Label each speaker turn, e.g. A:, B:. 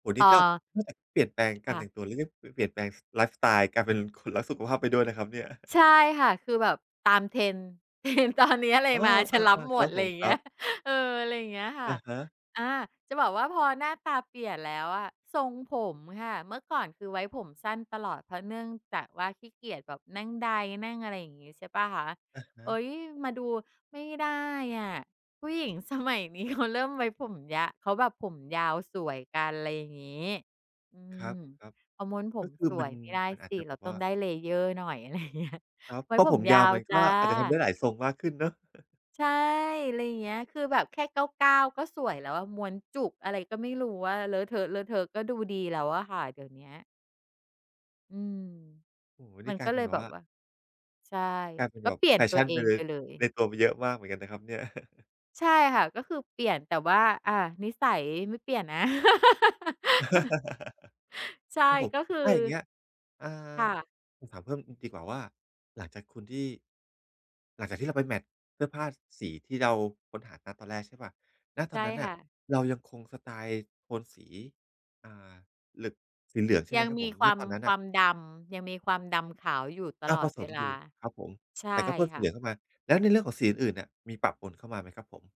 A: โอ้โฮ น
B: อ
A: ี
B: ่
A: ่ต้อง
B: า
A: เท่ากับเปลี่ยนแปลงก
B: ค
A: า
B: ่
A: รแ
B: ะ
A: ต่งตัว หรือ ป เปลี่ยนแปลงไลฟ์สไตล์ กลายเป็นคนรักสุขภาพไปด้วยนะครับเนี่ย
B: ใช่ค่ะ คือแบบตาม Trend Trend ตอนนี้อะไร
A: เออ
B: มา ฉันรับ
A: ๆ
B: ห
A: ๆ
B: ม
A: ครั
B: ด
A: บ
B: ไ
A: ผ
B: รอ
A: ม
B: ย่าง
A: ค
B: เงี
A: ร
B: ้
A: ั
B: ย
A: บ
B: เออ ไรอย่างเงี้ยค่
A: อ
B: ะ
A: ะฮะ
B: อา จะบอกว่าพอหน้าตาเปลี่ยนแล้วอะ ทรงผมค่ะ เมื่อก่อนคือไว้ผมสั้นตลอด เพราะเนื่องจากว่า ขี้เกียจแบบนั่งไดร์ นั่ง อะไรอย่างงี้ ใช่เปล่าคะ
A: อะฮ
B: เอ
A: ะ
B: ๊ย มาดู ไม่ได้อะ ผู้หญิง สมัยนี้เขา เริ่มไว้ผมยาว เขาแบบผมยาวสวยกัน ไรอย่างงี้ อื
A: ครั
B: ม
A: บ
B: เขาม้วนผ
A: ๆ ก็
B: ม
A: คื
B: ส
A: อม
B: ว
A: ั
B: ย
A: น
B: ไม่ได้
A: มันอา
B: ส
A: จ
B: ิ
A: จะ
B: เ
A: แบ
B: รา
A: บ
B: ต
A: ว
B: ้อ
A: ่
B: ง
A: า
B: ได้ layer หน่อย ไรอย่างเงี้ย
A: ครับ
B: ไว้
A: เพราะ
B: ผ
A: ผ
B: ม
A: มย
B: ยา
A: าว
B: ว
A: มัน
B: จ
A: ก
B: ้ะ
A: ็อาจจะทำได้หลายทรงมากขึ้นเนาะ
B: ใช่ ไรอย่างเงี้ย คือแบบแค่เกล้า ๆ ก็สวยแล้วอะ ม้วนจุก อะไรก็ไม่รู้อะ เลอะเทอะ ๆ ก็ดูดีแล้วอะค่ะ เดี๋ยวเนี้ย อืม
A: โอ้โฮ น
B: มั
A: ี่
B: น
A: กล
B: ก
A: า
B: ็
A: ยเ
B: เ
A: ป
B: ล
A: ็น
B: ย
A: แบ
B: แ
A: บ
B: บ
A: ว
B: บ
A: ่า
B: ว่า ใช่
A: กลายเป็น
B: ก็
A: แบ
B: เ
A: บ
B: ปลี่ย
A: แ
B: น
A: ฟ
B: ตั
A: ช
B: ว
A: ั่น
B: เอ
A: ไป
B: ง
A: เล
B: ไป
A: ย
B: เล
A: ใน
B: ย
A: ตัวมีเยอะมากเหมือนกันนะครับเนี่ย
B: ใช่ค่ะ ก็คือเปลี่ยน แต่ว่า อา นิสัยไม่เปลี่ยนนะ ใช่
A: ครับผม
B: ก็คือ
A: ถ้าอย่างเงี้ย อ่า
B: ค่ะ
A: ผมถามเพิ่ม อืม ดีกว่าว่า หลังจากคุณที่ หลังจากที่เราไปแมตช์เสื้อผ้า ส สีที่เราค้นหา ณ ตอนแรกใช่เปล่า ณ
B: ใ
A: ต
B: ช
A: อน
B: ่
A: นั้นน
B: ค
A: ่ะ
B: ่ะ
A: เรายังคงสไตล์โทนสี อ่า เหลือง สีเหลืองใช่
B: ย
A: ไหม
B: ัง
A: ครับ
B: ม
A: ผ
B: ี
A: ม
B: ค
A: ณ
B: วาม
A: ตอนนั้น
B: ค
A: น
B: ว
A: ่ะ?
B: ามดำ ยังมีความดำขาวอยู่ต
A: อา
B: ลอ
A: ผ
B: ด
A: ส
B: เว
A: ม
B: ล
A: อย
B: า
A: ู่ ครับผม
B: ใช
A: แต
B: ่
A: ่ก็เพิ่ม
B: ค
A: สี
B: ่
A: เ
B: ะ
A: หลืองเข้ามา แล้วในเรื่องของสีอื่น ๆ เนี่ย มีปะปนเข้ามาไหมครับผม?